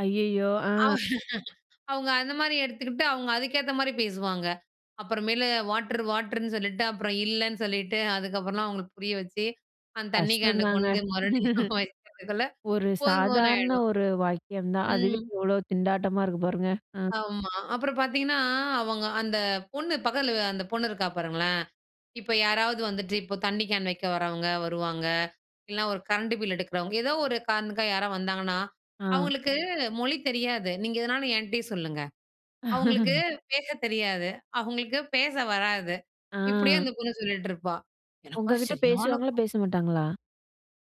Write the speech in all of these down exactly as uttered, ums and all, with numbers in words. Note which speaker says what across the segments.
Speaker 1: ஐயயோ!
Speaker 2: அவ
Speaker 1: ஆ.
Speaker 2: அவங்க அந்த மாரி எடுத்துக்கிட்டு அவங்க அதுக்கேத்த மாரி பேசுவாங்க. அப்புற மேலு வாட்டர் வாட்டருன்னு சொல்லிட்டு, அப்புறம் இல்லன்னு சொல்லிட்டு அதுக்கப்புறலாம் அவங்களுக்கு புரிய வச்சு, அந்த தண்ணி கேன
Speaker 1: கஷ்டந்தாங்க.
Speaker 2: கொண்டு மறுபடியும் வைக்கிறதுக்குள்ள
Speaker 1: ஒரு
Speaker 2: போதும் போதுன்னு
Speaker 1: சாதாரண
Speaker 2: ஆயிடும்.
Speaker 1: ஒரு வாக்கியம் தான், அதுவே
Speaker 2: ம்.
Speaker 1: எவ்வளோ திண்டாட்டமா இருக்கு பாருங்க. அ.
Speaker 2: ஆமா. அப்புறம் பார்த்தீங்கன்னா, அவங்க அந்த பொண்ணு பக்கத்தில அந்த பொண்ணு இருக்கா பாருங்களேன், இப்ப யாராவது வந்துட்டு இப்போ தண்ணி கேன் வைக்க வரவங்க வருவாங்க. இல்லனா ஒரு கரண்ட் பில் எடுக்கிறவங்க, ஏதோ ஒரு காரணத்துக்காக யாராவது வந்தாங்கன்னா,"
Speaker 1: ஆ.
Speaker 2: அவங்களுக்கு மொழி தெரியாது. நீங்க எதுனாலும் என்ட்டயே சொல்லுங்க. அவங்களுக்கு பேசத் தெரியாது, அவங்களுக்கு பேச வராது." இப்டியே
Speaker 1: ஆ.
Speaker 2: அந்த பொண்ணு சொல்லிட்டு இருப்பா. எனக்கோ
Speaker 1: உங்ககிட்ட
Speaker 2: சரியான
Speaker 1: பேசுவாங்களா, பேச மாட்டாங்களா?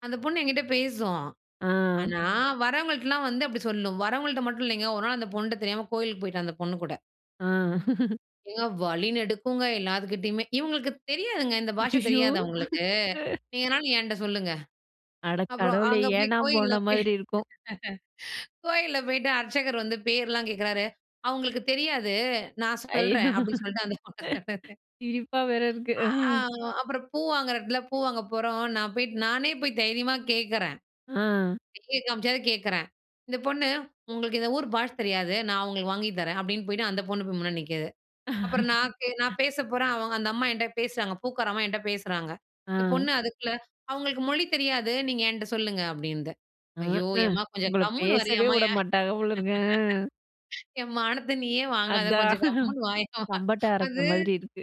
Speaker 2: அந்த பொண்ணு என்கிட்ட பேசும்.
Speaker 1: ஆ.
Speaker 2: ஆனா வரவங்கள்ட்டலாம் வந்து அப்டி சொல்லும். வரவங்கள்ட்ட மட்டும் இல்லைங்க, ஒரு நாள் அந்த பொண்ணுட்ட தெரியாம கோயிலுக்கு போய்ட்டேன், அந்த பொண்ணு கூட.
Speaker 1: ஆ.
Speaker 2: ஏங்க வழி நெடுக்குங்க எல்லாத்துக்கிட்டயுமே, இவங்களுக்கு தெரியாதுங்க, இந்த பாஷை
Speaker 1: ஐயயோ!
Speaker 2: தெரியாது அவங்களுக்கு. நீங்க எதனாலும் என்ட்ட சொல்லுங்க.
Speaker 1: அட
Speaker 2: அப்புறம்,
Speaker 1: கடவுளே!
Speaker 2: அங்க போய்
Speaker 1: ஏனா
Speaker 2: கோயில்ல
Speaker 1: போன
Speaker 2: போய்,
Speaker 1: மாரி இருக்கும்.
Speaker 2: கோயில்ல போயிட்டு அர்ச்சகர் வந்து பேர்லாம் கேட்கிறாரு, "அவங்களுக்கு தெரியாது, நான் சொல்றேன்.
Speaker 1: ஐயோ!
Speaker 2: அப்டின்னு சொல்ட்டு அந்த பொண்ண சொன்னது."
Speaker 1: சிரிப்பா வேற இருக்கு.
Speaker 2: ஆஅ
Speaker 1: அஹ்.
Speaker 2: அப்புறம் பூ வாங்குற இடத்துல பூ வாங்க போறோம். நான் போயிட்டு நானே போய் தைரியமா கேட்கறேன்.
Speaker 1: ஆ.
Speaker 2: சைக காமிச்சாது கேட்கறேன். இந்த பொண்ணு, "உங்களுக்கு இந்த ஊர் பாஷ தெரியாது. நான் உங்களுக்கு வாங்கி தரேன்." அப்டின்னு போயிட்டு அந்த பொண்ணு போய் முன்னாடி நிக்கிது. அப்புறம் நான் கே நான் பேச போறேன். அவங்க அந்த அம்மா என்கிட்ட பேசுறாங்க, பூக்கார அம்மா என்கிட்ட பேசுறாங்க. இந்த
Speaker 1: ஆ.
Speaker 2: பொண்ணு அதுக்குள்ள, "அவங்களுக்கு மொழி தெரியாது. நீங்க என்ட்ட சொல்லுங்க." அப்டின்னுது. ஐயோ!
Speaker 1: ஆஹ்ஹ!
Speaker 2: ஏம்மா கொஞ்சம்
Speaker 1: உங்கள
Speaker 2: கம்முனு
Speaker 1: பேசவே
Speaker 2: வரையம்மா!
Speaker 1: வுட
Speaker 2: ஏன்
Speaker 1: மாட்டாங்க போலருக்கு. அ.
Speaker 2: என் மானத்தை நீயே வாங்காத.
Speaker 1: அதான்,
Speaker 2: கொஞ்சம் கம்முனு வாயே.
Speaker 1: தம்பட்ட அரைச்ச
Speaker 2: அது
Speaker 1: மாரி இருக்கு.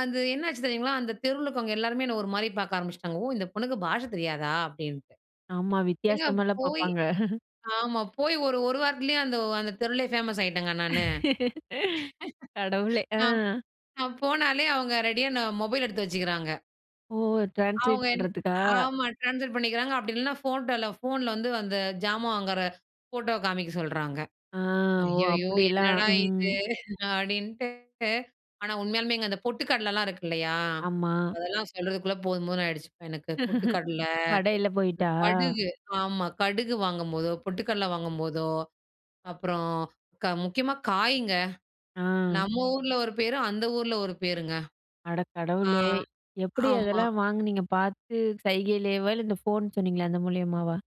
Speaker 2: அது என்ன ஆச்சு தெரியுங்களா, அந்த தெருவுல இருக்கவங்க எல்லாருமே என்னை ஒரு மாரி பாக்க ஆரம்பிச்சுட்டாங்க. ஓ இந்த பொண்ணுக்கு பாஷை தெரியாதா அப்டின்ட்டு.
Speaker 1: ஆமா
Speaker 2: ஏங்க
Speaker 1: வித்தியாசமால
Speaker 2: போய்
Speaker 1: பாப்பாங்க.
Speaker 2: ஆமா போய் ஒரு ஒரு வாரத்துலேயும் அந்த அந்த தெருவிலே ஃபேமஸ் ஆயிட்டேங்க நானு.
Speaker 1: கடவுளே! அ.
Speaker 2: நான் நான் போனாலே, அவங்க ரெடியா நான் மொபைல் எடுத்து வச்சுக்கிறாங்க
Speaker 1: ஓ! ட்ரான்ஸ்லேட்
Speaker 2: அவங்க என்
Speaker 1: பண்றதுக்கா?
Speaker 2: ஆமா ட்ரான்ஸ்பர் பண்ணிக்கிறாங்க. அப்டி இல்லனா ஃபோட்டோல ஃபோன்ல வந்து அந்த ஜாமான் வாங்குற ஃபோட்டோவ காமிக்க சொல்றாங்க.
Speaker 1: ஆ! ஓ!
Speaker 2: ஐயயோ
Speaker 1: அப்டிலாம்.
Speaker 2: என்னடா இது!
Speaker 1: ம்.
Speaker 2: அப்டின்ட்டு, ஆனா உண்மையாலுமேங்க அந்த பொட்டு கடலைலாம் இருக்கு இல்லையா,
Speaker 1: ஆமா.
Speaker 2: அதெல்லாம் சொல்றதுக்குள்ள போதும் போதுன்னு ஆயிடுச்சு எனக்கு. பொட்டு கடலை,
Speaker 1: படையில போய்ட்டா?
Speaker 2: கடுகு ஆமா கடுகு வாங்கும்போதோ, பொட்டு கடலை வாங்கும்போதோ அப்புறம் க முக்கியமா காய்ங்க.
Speaker 1: அ.
Speaker 2: நம்ம ஊருல ஒரு பேர், அந்த ஊருல ஒரு பேருங்க.
Speaker 1: அட
Speaker 2: ஆ
Speaker 1: கடவுளே! எப்டி
Speaker 2: ஆமா.
Speaker 1: அதெல்லாம் வாங்குனீங்க? பார்த்து சைகைலயேவா இல்ல, இந்த ஃபோன் சொன்னீங்களே அந்த மூலியமாவா?